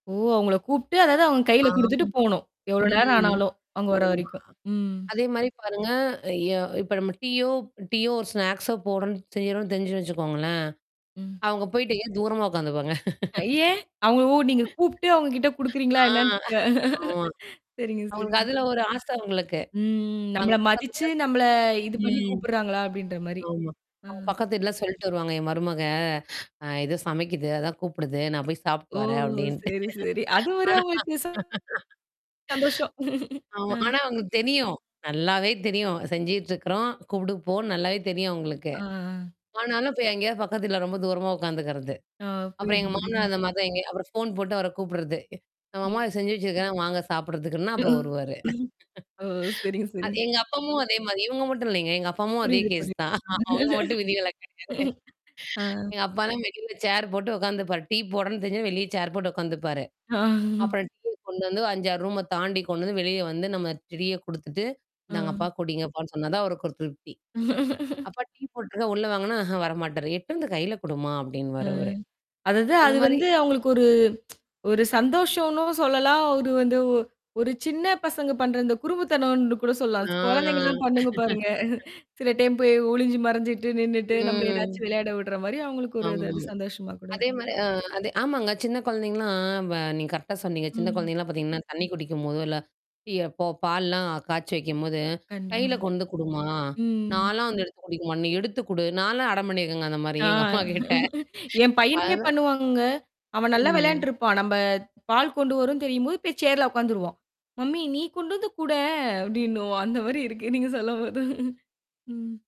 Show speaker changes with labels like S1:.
S1: ஓ அவுங்கள கூப்டு அதாவது அவுங்க கையில
S2: ஆமா.
S1: குடுத்துட்டு போணும். எவ்ளோ நேரம்
S2: ம்.
S1: ஆனாலும் அவுங்க வர்ற வரைக்கும்.
S2: [unintelligible]
S1: ம்.
S2: அதேமாரி பாருங்க. எ இப்ப நம்ம டீயோ டீயோ ஒரு ஸ்நாக்ஸோ போடுறோம், செய்றோன்னு தெரிஞ்சு வச்சுக்கோங்களேன்,
S1: ம்.
S2: அவுங்க போயிட்டு ஏன் தூரமா உக்காந்துக்குவாங்க
S1: அயே! அவுங்கள ஓ நீங்கக் கூப்ட்டு அவுங்கக்கிட்ட குடுக்கறீங்களா
S2: ஆ,
S1: இல்லையான்னு.
S2: ஆமா.
S1: சரிங்க
S2: அவுங்களுக்கு
S1: சரிங்க.
S2: அதுல ஒரு ஆச அவுங்களுக்கு.
S1: ம், நம்மள
S2: அவுங்க பக்கத்து
S1: மதிச்சு
S2: வீட்ல
S1: நம்மள இது
S2: [unintelligible]
S1: பண்ணி
S2: ம்.
S1: கூப்பிடுறாங்களா! அப்பிடின்றமாரி.
S2: ஆமா.
S1: ஆ.
S2: அவுங்க பக்கத்து வீட்ல சொல்ட்டு வருவாங்க, என் மருமக அ எதோ சமைக்குது. அதான் கூப்பிடுது. நான் போய்ச்
S1: ஓ
S2: சாப்பிட்டு வரேன் அப்பிடின்ட்டு
S1: சரி, சரி. அது
S2: ஆனா.
S1: ஒரு வித [unintelligible] சந்தோஷம்
S2: ஆமா,
S1: ஆ
S2: ஆனா அவுங்களுக்கு தெரியும். நல்லாவே தெரியும். செஞ்சிட்டு இருக்கிறோம். கூப்பிடுப்போம் நல்லாவே தெரியும் அவுங்களுக்கு.
S1: ஆ.
S2: ஆனாலும் போய் எங்கேயா பக்கத்து வீட்ல ரொம்ப தூரமா உட்கார்ந்துகிறது.
S1: ஆ.
S2: அப்புறம்
S1: புரியுது,
S2: எங்க மாமனார்
S1: புரியுதுங்க.
S2: அந்தமாரிதான். அப்புறம் ஃபோன் போட்டு அவரக் கூப்பிடுறது. நம்ம அம்மா
S1: ம்.
S2: செஞ்சு வச்சிருக்கிறேன், வாங்க சாப்பிட்றதுக்கு
S1: அ
S2: அப்புறம் வருவாரு.
S1: ம். சரிங்க.
S2: அ
S1: சரிங்க.
S2: எங்க அப்பாமும் அதே மாரி. இவுங்க மட்டும் இல்லேங்க. எங்க அப்பாவும் அதே
S1: புரியுது.
S2: கேஸ் தான்.
S1: புரியுது
S2: அவுங்க மட்டும் விதிவிலக்கு கிடையாது.
S1: அ.
S2: எங்க அப்பா வெளில சேர் போட்டு உக்காந்துப்பாரு. டீ போடணுன்னு தெரிஞ்சு வெளிய சேர் போட்டு உக்காந்துப்பாரு.
S1: ஆ.
S2: அப்புறம் டீய கொண்டு வந்து 5, 6 ரூம தாண்டி கொண்டு வந்து வெளிய வந்து நம்ம டீய கொடுத்துட்டு, இந்தாங்க
S1: அ.
S2: அப்பா குடிங்கப்பான்னு சொன்னாதான் அவருக்கு ஒரு திருப்தி. அப்பா டீ போட்டுருக்கேன் உள்ள வாங்கன்னா ஆஹா வர மாட்டாரு. எடுத்தந்து கையில குடும்மா
S1: அ.
S2: அப்பிடின்னுவாரு அவரு.
S1: அதாவது அது
S2: அந்தமாரி
S1: வந்து அவுங்களுக்கு ஒரு ஒரு சந்தோஷன்னு சொல்லலாம். ஒரு வந்து ஒரு சின்னப் பசங்க பண்ற அந்தக் குறும்புத்தனன்னு கூடச் சொல்லலாம். குழந்தைங்க
S2: ஆ.
S1: எல்லாம் பண்ணுங்க பாருங்க. சில டைம் போய் ஒழிஞ்சு மறைஞ்சிட்டு நின்னிட்டு நம்மள
S2: ம்.
S1: ஏதாச்சு விளையாட விடுறமாரி அவுங்களுக்கு ஒரு
S2: ஆமா.
S1: அது சந்தோஷமா கூட இருக்கும்.
S2: அதேமாரி அ. ஆமாங்க. அ அதே ஆமாங்க சின்னக் குழந்தைங்கலாம் வ நீங்க கரெக்டா சொன்னீங்க. சின்னக்
S1: ம்.
S2: குழந்தைங்க எல்லாம் பாத்தீங்கன்னா, தண்ணீ குடிக்கும்போதோ இல்ல, டீ எப்ப பால்லாம் காச்சி வைக்கும்போது
S1: கண்டிப்பா,
S2: கையில கொண்டு குடும்மா! நான்
S1: ம்.
S2: எல்லாம் எடுத்துக் குடிக்க மாட்டேன். நீ எடுத்துக் குடு. நான்ல்லாம் அடம் பண்ணிருக்கேங்க அந்தமாரி
S1: ஆ
S2: எங்க அம்மாகிட்ட.
S1: என்
S2: இப்ப
S1: பையனுமே
S2: அதான்
S1: பண்ணுவாங்கங்க. அவன் நல்லா விளையாடிட்டு
S2: ம்.
S1: இருப்பான். நம்ம பால் கொண்டு வரும் தெரியும் போய் சேர்ல உக்காந்துருவான். மம்மி, நீ கொண்டு வந்து குடேன் அப்பிடின்னுவான் அந்தமாரி இருக்கு. நீங்க சொல்லும்போது ம்.